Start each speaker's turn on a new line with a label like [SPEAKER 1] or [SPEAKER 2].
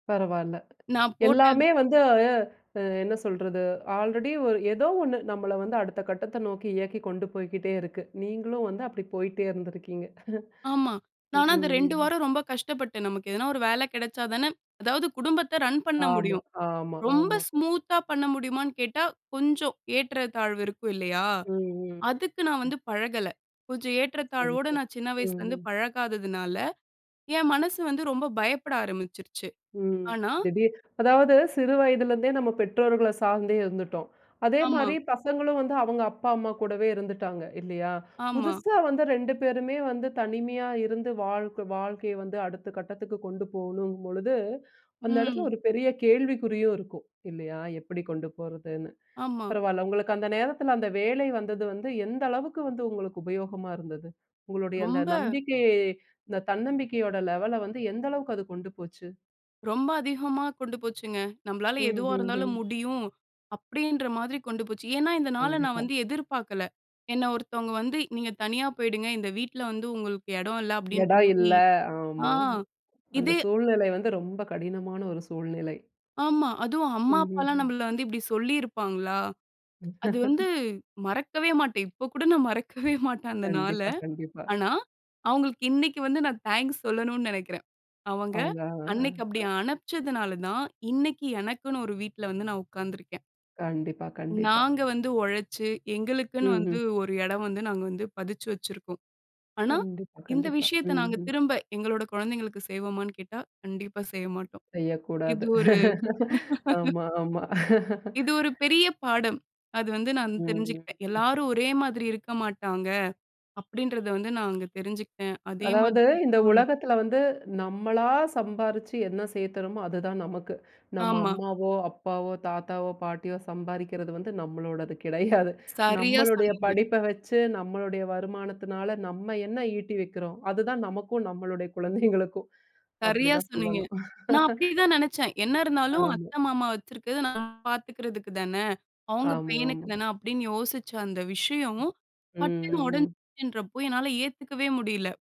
[SPEAKER 1] பரவால்ல.
[SPEAKER 2] நான் போட்ட
[SPEAKER 1] எல்லாமே வந்து அ என்ன சொல்றது. ஆல்ரெடி ஒரு ஏதோ ஒன்னு நம்மள வந்து அடுத்த கட்டத்த நோக்கி இயக்கிக் கொண்டு போய்க்கிட்டே இருக்கு. நீங்களும் வந்து அப்டி போயிட்டே இருந்துருக்கீங்க!
[SPEAKER 2] ஆமா.
[SPEAKER 1] ம்,
[SPEAKER 2] நானும் அது 2
[SPEAKER 1] ம்.
[SPEAKER 2] வாரம் ரொம்ப கஷ்டப்பட்டேன். நமக்கு எதுனா ஒரு வேல கெடச்சாதான, அதாவது குடும்பத்த ரன் பண்ண
[SPEAKER 1] ஆமா,
[SPEAKER 2] முடியும்.
[SPEAKER 1] ஆமா,
[SPEAKER 2] ரொம்ப
[SPEAKER 1] ஆமா.
[SPEAKER 2] ஸ்மூத்தா பண்ண முடியுமான்னு கேட்டா, கொஞ்சம் ஏற்றத்தாழ்வு இருக்கும் இல்லயா?
[SPEAKER 1] ம்,
[SPEAKER 2] அதுக்கு நான்
[SPEAKER 1] ம்.
[SPEAKER 2] வந்து பழகல. கொஞ்சம் ஏற்றத்தாழ்வோட நான் சின்ன வயசுல இருந்து
[SPEAKER 1] ம்ஹ்ம்.
[SPEAKER 2] பழகாததுனால, என் மனசு வந்து ரொம்ப பயப்பட ஆரம்பிச்சிருச்சு.
[SPEAKER 1] ம்,
[SPEAKER 2] ஆனா
[SPEAKER 1] திடீர் அதாவது, சிறு வயதிலிருந்தே நம்ம பெற்றோர்கள சார்ந்தே இருந்துட்டோம். அதே
[SPEAKER 2] ஆமா.
[SPEAKER 1] மாரி, பசங்களும் வந்து அவங்க அம்மா, அப்பா கூடவே இருந்துட்டாங்க, இல்லயா?
[SPEAKER 2] ஆமா.
[SPEAKER 1] புதுசா வந்து 2 பேருமே வந்து தனிமையா இருந்து வாழ் வாழ்க்கைய வந்து அடுத்த கட்டத்துக்கு கொண்டு போணும் பொழுது, அந்த எடத்துல
[SPEAKER 2] ம்.
[SPEAKER 1] ஒரு பெரிய கேள்விக்குறியும் இருக்கும், இல்லயா? எப்டி கொண்டு போறதுன்னு.
[SPEAKER 2] ஆமா.
[SPEAKER 1] பரவால்ல, உங்களுக்கு அந்த நேரத்துல அந்த வேலை வந்தது வந்து, எந்த அளவுக்கு வந்து உங்களுக்கு உபயோகமா இருந்தது? உங்களுடைய அந்த
[SPEAKER 2] ரொம்ப
[SPEAKER 1] நம்பிக்கை அந்த தன்னம்பிக்கையோட லெவல வந்து எந்த அளவுக்கு அது கொண்டு போச்சு?
[SPEAKER 2] ரொம்ப அதிகமா கொண்டு போச்சுங்க. நம்மளால எதுவா
[SPEAKER 1] ம்ஹ்ம்,
[SPEAKER 2] இருந்தாலும்
[SPEAKER 1] ம்.
[SPEAKER 2] முடியும், அப்டின்ற மாதிரி கொண்டு போச்சு. ஏன்னா, இந்த நாள நான்
[SPEAKER 1] கண்டிப்பா.
[SPEAKER 2] வந்து எதிர்பார்க்கல. என்ன ஒருத்தவங்க வந்து, "நீங்க தனியா போயிடுங்க, இந்த வீட்ல வந்து உங்களுக்கு எடம் இல்ல." அப்டின்ற
[SPEAKER 1] எடம் இல்ல,
[SPEAKER 2] மாரி, அ,
[SPEAKER 1] ஆமா.அந்த
[SPEAKER 2] இது
[SPEAKER 1] சூழ்நிலை வந்து ரொம்ப கடினமான ஒரு சூழ்நிலை.
[SPEAKER 2] ஆமா. அதுவும் அம்மா,
[SPEAKER 1] ம்ஹ்ம்,
[SPEAKER 2] அப்பால்லாம்
[SPEAKER 1] ம்.
[SPEAKER 2] நம்மள வந்து இப்டி சொல்லிருப்பாங்களா? அது வந்து, மறக்கவே மாட்டேன். இப்ப கூட நான் மறக்கவே மாட்டேன் அந்த நாள.
[SPEAKER 1] கண்டிப்பா, கண்டிப்பா.
[SPEAKER 2] ஆனா, அவங்களுக்கு இன்னைக்கு வந்து நான் தேங்க்ஸ் சொல்லணும்னு நெனைக்றேன். அவங்க,
[SPEAKER 1] அவங்க.
[SPEAKER 2] அன்னைக்கு அப்டி
[SPEAKER 1] அ.
[SPEAKER 2] அனுப்ச்சதுனால தான், இன்னைக்கு எனக்குன்னு ஒரு வீட்ல வந்து நான் உட்கார்ந்துருக்கேன்.
[SPEAKER 1] கண்டிப்பா, கண்டிப்பா.
[SPEAKER 2] நாங்க வந்து ஒழச்சு, எங்களுக்குன்னு வந்து
[SPEAKER 1] ம்ஹ்ம்.
[SPEAKER 2] ஒரு எடம் வந்து நாங்க வந்து, பதிச்சு வெச்சிருக்கோம். ஆனா,
[SPEAKER 1] கண்டிப்பா,
[SPEAKER 2] இந்த
[SPEAKER 1] கண்டிப்பா.
[SPEAKER 2] விஷயத்த
[SPEAKER 1] ம்,
[SPEAKER 2] நாங்க
[SPEAKER 1] ம்.
[SPEAKER 2] திரும்ப எங்களோட குழந்தைகளுக்கு செய்வோமான்னு கேட்டா, கண்டிப்பா செய்ய மாட்டோம். இது
[SPEAKER 1] செய்யக்கூடாது.
[SPEAKER 2] ஒரு
[SPEAKER 1] ஆமா, ஆமா.
[SPEAKER 2] இது ஒரு பெரிய பாடம். அது வந்து நான்
[SPEAKER 1] ம், ம்,
[SPEAKER 2] தெரிஞ்சுக்கிட்டேன்.
[SPEAKER 1] ம்.
[SPEAKER 2] எல்லாரும் ஒரே மாதிரி இருக்க மாட்டாங்க, அப்டின்றத வந்து நா அங்க தெரிஞ்சுகிட்டேன். அதே மாரி
[SPEAKER 1] அதாவது, இந்த
[SPEAKER 2] அ.
[SPEAKER 1] உலகத்துல வந்து நம்மளா சம்பாரிச்சு என்ன சேர்த்துறமோ அது தான் நமக்கு. நம்ம
[SPEAKER 2] ஆமா.
[SPEAKER 1] அம்மாவோ, அப்பாவோ, தாத்தாவோ, பாட்டியோ சம்பாரிக்கிறது வந்து நம்மளோடது கெடையாது.
[SPEAKER 2] சரியா
[SPEAKER 1] நம்மளுடைய
[SPEAKER 2] சொன்னீங்க.
[SPEAKER 1] படிப்ப வெச்சு, நம்மளுடைய வருமானத்தினால, நம்ம என்ன ஈட்டி வைக்றோம், அது தான் நமக்கும், நம்மளுடைய குழந்தைகளுக்கும். அப்டி
[SPEAKER 2] சரியா
[SPEAKER 1] தான்
[SPEAKER 2] சொன்னீங்க.
[SPEAKER 1] சொல்லணும்.
[SPEAKER 2] நான் அப்டித்தான் நெனச்சேன். என்ன இருந்தாலும்
[SPEAKER 1] ஆமா.
[SPEAKER 2] அத்த, மாமா வெச்சிருக்குறது, நான் பாத்துக்கறதுக்கு தான? அவங்க
[SPEAKER 1] ஆமா,
[SPEAKER 2] பையனுக்கு
[SPEAKER 1] ஆமா.
[SPEAKER 2] தான? அப்டின்னு யோசிச்ச அந்த விஷயம்,
[SPEAKER 1] ம்,
[SPEAKER 2] பட்டுன்னு
[SPEAKER 1] ம், ம்.
[SPEAKER 2] ஒடஞ்சுச்சுன்றப்போ, என்னால ஏத்துக்கவே முடில!